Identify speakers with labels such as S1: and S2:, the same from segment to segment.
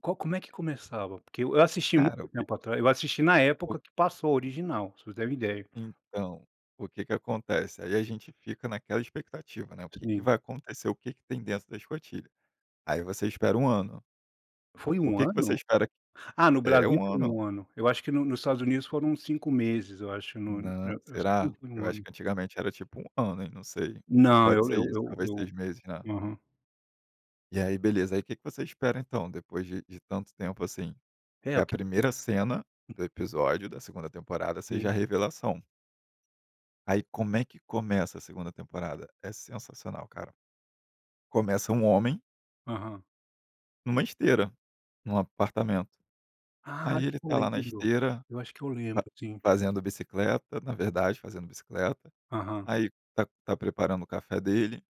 S1: Co como é que começava? Porque eu assisti muito
S2: Cara, o que
S1: tempo atrás eu assisti na
S2: O
S1: época que passou a original, pra você ter uma ideia.
S2: Então, o que que acontece. Aí a gente fica naquela expectativa, né. O que que
S1: Sim.
S2: vai acontecer? O que que tem dentro da escotilha? Aí você espera um ano.
S1: Foi
S2: O
S1: 1
S2: que que você
S1: ano?
S2: espera
S1: Ah, no
S2: É,
S1: Brasil
S2: um
S1: foi
S2: ano.
S1: 1 ano. Eu acho que no nos Estados Unidos foram 5 meses, eu acho. Não, e e
S2: Na
S1: eu assim
S2: será?
S1: [unintelligible]
S2: Eu
S1: um
S2: acho
S1: ano.
S2: que antigamente era, tipo, um ano. Não sei. Ou
S1: Não,
S2: pode
S1: eu
S2: ser
S1: eu
S2: isso, talvez 6
S1: eu
S2: meses, né?
S1: aham.
S2: E aí beleza, aí o que que você espera, então, depois de de tanto tempo, assim?
S1: É,
S2: Que
S1: o
S2: a
S1: que tem
S2: primeira cena
S1: hum.
S2: do episódio da segunda temporada seja a
S1: Sim.
S2: revelação. Aí como é que começa a segunda temporada? É sensacional, cara. Começa um homem
S1: Aham.
S2: numa esteira, num apartamento.
S1: Ah,
S2: Aí
S1: acho
S2: ele
S1: que eu
S2: tá lá na
S1: lembro.
S2: esteira,
S1: Eu acho que eu
S2: fa
S1: lembro sim.
S2: fazendo bicicleta, na verdade, fazendo bicicleta,
S1: Aham.
S2: aí tá tá preparando o café dele,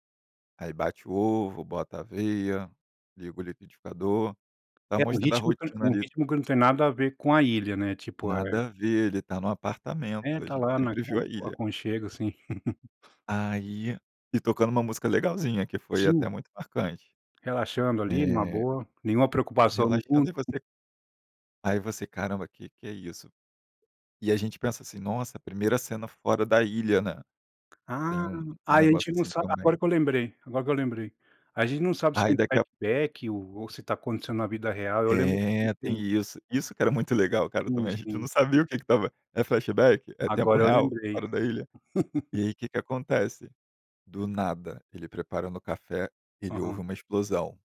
S2: aí bate o ovo, bota a aveia, liga o liquidificador, tá
S1: É, o
S2: mostrando a
S1: ritmo que
S2: rotina
S1: o
S2: ali.
S1: ritmo que não tem nada a ver com a ilha, né? Tipo, é
S2: Nada a ver, ele tá no
S1: É,
S2: apartamento, a
S1: tá
S2: gente
S1: lá na
S2: sempre viu
S1: con
S2: a ilha.
S1: aconchego, assim.
S2: Aí e tocando um música legalzinha, que foi
S1: Sim.
S2: até muito marcante.
S1: Relaxando ali numa
S2: É.
S1: boa, nenhuma preocupação no
S2: Relaxando,
S1: mundo.
S2: e você Aí você: "Caramba, que que é isso?" E a gente pensa assim: "Nossa, primeira cena fora da ilha, né." Tem
S1: Ah.
S2: um um
S1: Aí a
S2: negócio
S1: gente não
S2: assim
S1: sa
S2: também.
S1: agora que eu lembrei, agora que eu lembrei. A gente não sabe se é
S2: Aí
S1: um
S2: daqui a
S1: flashback ou se tá acontecendo na vida real. Eu lembro.
S2: É, tem
S1: [unintelligible]
S2: isso. Isso que era muito legal, cara,
S1: Hum,
S2: também. A gente não
S1: sim.
S2: sabia o que que estava É flashback? É tempo
S1: Agora eu
S2: real,
S1: lembrei.
S2: fora da ilha? E aí, o que que acontece? Do nada, ele preparando o café, ele ouve
S1: Aham.
S2: uma explosão.